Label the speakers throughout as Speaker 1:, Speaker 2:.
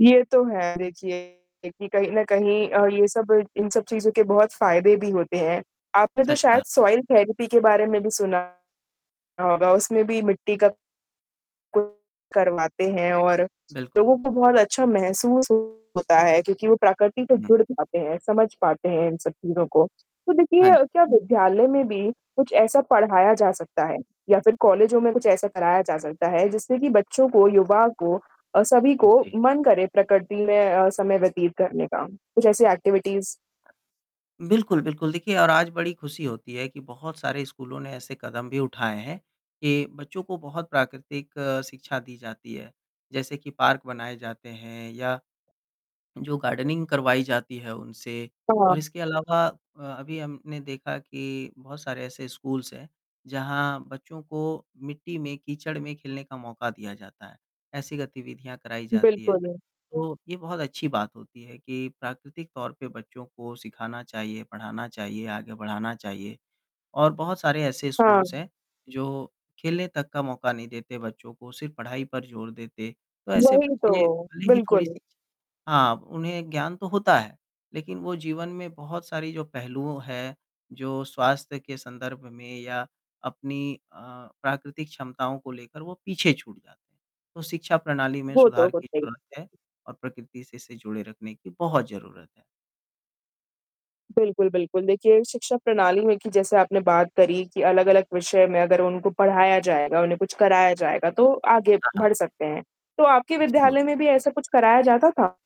Speaker 1: ये तो है देखिए कि कहीं न कहीं अ, ये सब इन सब चीज़ों के बहुत फ़ायदे भी होते हैं। आपने तो
Speaker 2: सच
Speaker 1: शायद
Speaker 2: कहा।
Speaker 1: सॉइल थेरेपी के बारे में भी सुना होगा, उसमें भी मिट्टी का करवाते हैं और
Speaker 2: बिल्कुल।
Speaker 1: लोगों को बहुत अच्छा महसूस होता है क्योंकि वो प्रकृति से
Speaker 2: हुँ।
Speaker 1: जुड़ पाते हैं, समझ पाते हैं इन सब चीज़ों को। तो
Speaker 2: हाँ
Speaker 1: देखिए
Speaker 2: जी।
Speaker 1: क्या विद्यालय में भी कुछ ऐसा पढ़ाया जा सकता है या फिर कॉलेजों में कुछ ऐसा कराया जा सकता है? जिससे कि बच्चों को, युवा को अ, सभी को
Speaker 2: जी।
Speaker 1: मन करे प्रकृति में अ, समय व्यतीत करने का कुछ ऐसी एक्टिविटीज़
Speaker 2: बिल्कुल, बिल्कुल। देखिए और आज बड़ी खुशी होती है कि बहुत सारे स्कूलों ने ऐसे कदम भी उठाए हैं कि बच्चों को बहुत प्राकृतिक शिक्षा दी जाती है। जैसे कि पार्क बनाए जाते हैं या जो गार्डनिंग करवाई जाती है उनसे। और
Speaker 1: हाँ।
Speaker 2: इसके अलावा अ, अभी हमने देखा कि बहुत सारे ऐसे स्कूल्स हैं जहाँ बच्चों को मिट्टी में, कीचड़ में खेलने का मौका दिया जाता है, ऐसी गतिविधियाँ कराई जाती हैं।
Speaker 1: बिल्कुल।
Speaker 2: तो ये बहुत अच्छी बात होती है कि प्राकृतिक तौर पे बच्चों को सिखाना चाहिए, पढ़ाना चाहिए, आगे बढ़ाना चाहिए। और बहुत सारे ऐसे
Speaker 1: हाँ।
Speaker 2: स्कूल्स हैं जो खेलने तक का मौका नहीं देते बच्चों को सिर्फ़ पढ़ाई पर ज़ोर देते। तो ऐसे
Speaker 1: वही
Speaker 2: बच्चे
Speaker 1: तो,
Speaker 2: भले ही
Speaker 1: बिल्कुल।
Speaker 2: थोड़ी-सी शिक्षा हाँ, उन्हें ज्ञान तो होता है। लेकिन वो जीवन में बहुत सारी जो पहलू हैं जो स्वास्थ्य के संदर्भ में या अपनी अ, प्राकृतिक क्षमताओं को लेकर वो पीछे छूट जाता है। तो शिक्षा प्रणाली में
Speaker 1: वो तो
Speaker 2: सुधार की
Speaker 1: होता ही होगा।
Speaker 2: ज़रूरत है और प्रकृति से इसे जुड़े रखने की बहुत ज़रूरत है।
Speaker 1: बिल्कुल, बिल्कुल। देखिए शिक्षा प्रणाली में कि जैसे आपने बात करी कि अलग-अलग विषय में अगर उनको पढ़ाया जाएगा, उन्हें कुछ कराया जाएगा तो आगे
Speaker 2: हाँ, हाँ।
Speaker 1: बढ़ सकते हैं। तो आपके
Speaker 2: ज़रूर।
Speaker 1: विद्यालय में भी ऐसा कुछ कराया जाता था?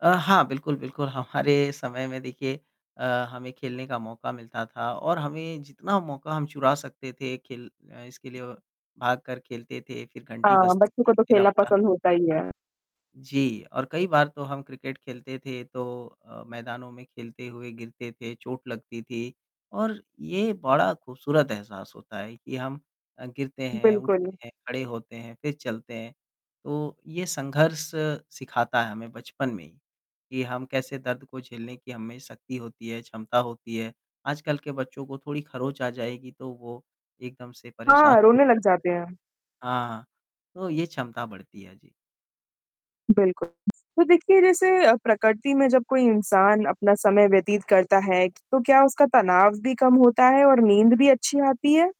Speaker 2: अ, हाँ बिल्कुल, बिल्कुल हमारे समय में देखिए। अ, हमें खेलने का मौका मिलता था और हमें जितना मौका हम चुरा सकते थे खेल इसके लिए औ भाग कर खेलते थे फिर घंटी
Speaker 1: हाँ,
Speaker 2: बजती
Speaker 1: बच्चों को
Speaker 2: थी
Speaker 1: तो
Speaker 2: फिर
Speaker 1: खेलना
Speaker 2: आपका
Speaker 1: पसंद होता ही है।
Speaker 2: जी और कई बार तो हम क्रिकेट खेलते थे तो अ, मैदानों में खेलते हुए गिरते थे, चोट लगती थी। और ये बड़ा खूबसूरत एहसास होता है कि हम अ, गिरते हैं, उठते
Speaker 1: बिल्कुल।
Speaker 2: हैं, खड़े होते हैं, फिर चलते हैं। तो ये संघर्ष सिखाता है हमें बचपन में ही कि हम कैसे दर्द को झेलने की हममें शक्ति होती है, क्षमता होती है। आजकल के बच्चों को थोड़ी खरोंच आ जाएगी तो वो एकदम से परेशान
Speaker 1: हाँ, रोने लग जाते हैं।
Speaker 2: [unintelligible] हाँ, हाँ। तो ये क्षमता बढ़ती है। जी।
Speaker 1: बिल्कुल। तो देखिए जैसे अ, प्रकृति में जब कोई इंसान अपना समय व्यतीत करता है तो क्या उसका तनाव भी कम होता है और नींद भी अच्छी आती है?